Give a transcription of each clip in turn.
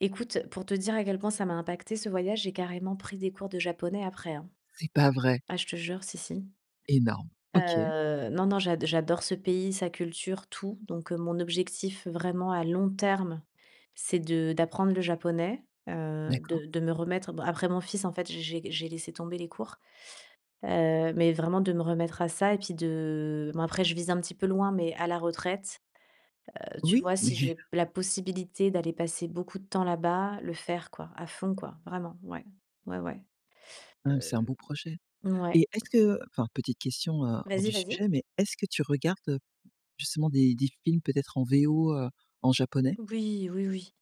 Écoute, pour te dire à quel point ça m'a impacté ce voyage, j'ai carrément pris des cours de japonais après, hein. C'est pas vrai? Ah, je te jure, si, si. Énorme! OK. Heu, non, non, j'ad j'adore ce pays, sa culture, tout, donc heu, mon objectif vraiment, à long terme, c'est de d'apprendre le japonais, heu, D'accord. de de me remettre bon, après mon fils en fait, j'ai j'ai gu j'ai laissé tomber les cours. Heu, mais vraiment de me remettre à ça et puis de bon après je vise un petit peu loin, mais à la retraite, heu, tu Oui, vois, si mais j'ai la possibilité d'aller passer beaucoup de temps là-bas, le faire quoi, à fond quoi. Vraiment. Ouais. Ouais, ouais. Hem Hem. c'est un beau projet et Mouais. est-ce que, heu, enfin, petite question, heu, hors du Vas-y, vas-y. sujet mais est-ce que tu regardes justement des des films peut-être en VO, heu, en japonais? Oui, oui, oui.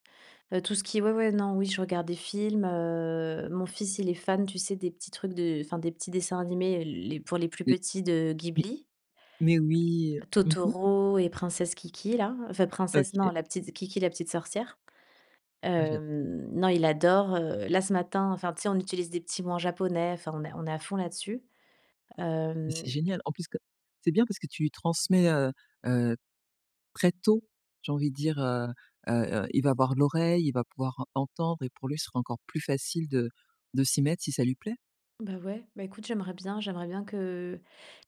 Heu, tout ce qui est, ouais, ouais, non, oui, je regarde des films, heu, mon fils, il est fan, tu sais, des petits trucs de enfin des petits dessins animés les pour les plus Mmh. petits de Mmh, Ghibli. mais oui, heu, mmh mh. Totoro et Princesse Kiki, là enfin, Princesse non, OK. la petite Kiki la petite sorcière. Ah j'adore! Hem, non il adore, heu, là, ce matin, enfin, tu sais on utilise des petits mots en japonais, enfin on est on est à fond là-dessus. Mais c'est Hem. génial! En plus co c'est bien parce que tu lui transmets, heu, heu, très tôt, j'ai envie de dire, heu, heu heu, il va avoir l'oreille, il va pouvoir entendre et pour lui ce sera encore plus facile de de s'y mettre, si ça lui plaît. Ben ouais, ben écoute, j'aimerais bien j'aimerais bien que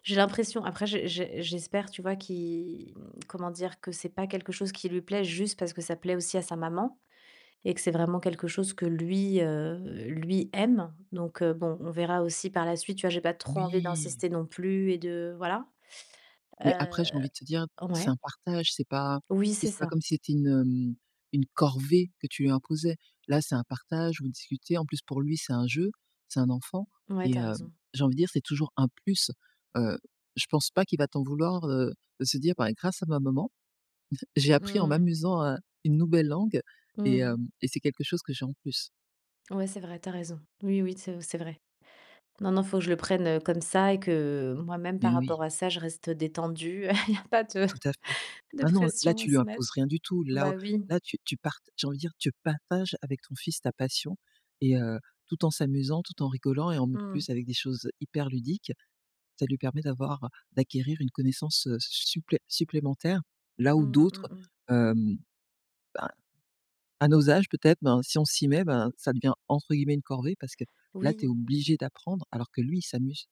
j'ai l'impression. Après, j'e j'e j'espère tu vois qu'il, mmh comment dire? Que c'est pas quelque chose qui lui plaît juste parce que ça plaît aussi à sa maman et que c'est vraiment quelque chose que lui, heu, lui, aime, donc heu, bon, on verra aussi par la suite, tu vois, j'ai trop envie Oui. d'insister non plus et de voilà. Heu. Mais après, j'ai envie de te dire, c'est Ouais. un partage, c'est pas Oui, tu c'est sais c'est pas ça. comme si c'était une, hem, une corvée que tu lui imposais. Là, c'est un partage ou vous discutez, en plus pour lui c'est un jeu, c'est un enfant Ouais, et tu as hem, raison. j'ai envie dire c'est toujours un plus. Heu, je pense pas qu'il va t'en vouloir, heu, de se dire: «Bah, grâce à ma maman, j'ai appris en Mmh. m'amusant un une nouvelle langue Mmh et mh. hem, et c'est quelque chose que j'ai en plus». Ouais, c'est vrai, tu as raison. Oui, oui, c'est c'est vrai. Non, non, il faut que je le prenne, heu, comme ça et que, moi même Mais par rapport oui. à ça, je reste, heu, détendue, heu. Il y a pas de Tout à fait. de Maintenant, là pression à tu lui se mettre. imposes rien du tout, là au Ben oui. là tu tu part j'ai envie de dire, tu partages avec ton fils ta passion et heu, tout en s'amusant, tout en rigolant et en m Mmh. plus avec des choses hyper ludiques. Ça lui permet d'avoir, heu, d'acquérir une connaissance, heu, s su supplé supplémentaire là, où Mmh d'autres, mmh mh. hem, ben, à nos âges, peut-être, ben, si on s'y met, ben, ça devient entre guillemets «une corvée» parce que là, tu es Oui. obligé d'apprendre alors que lui, il s'amuse.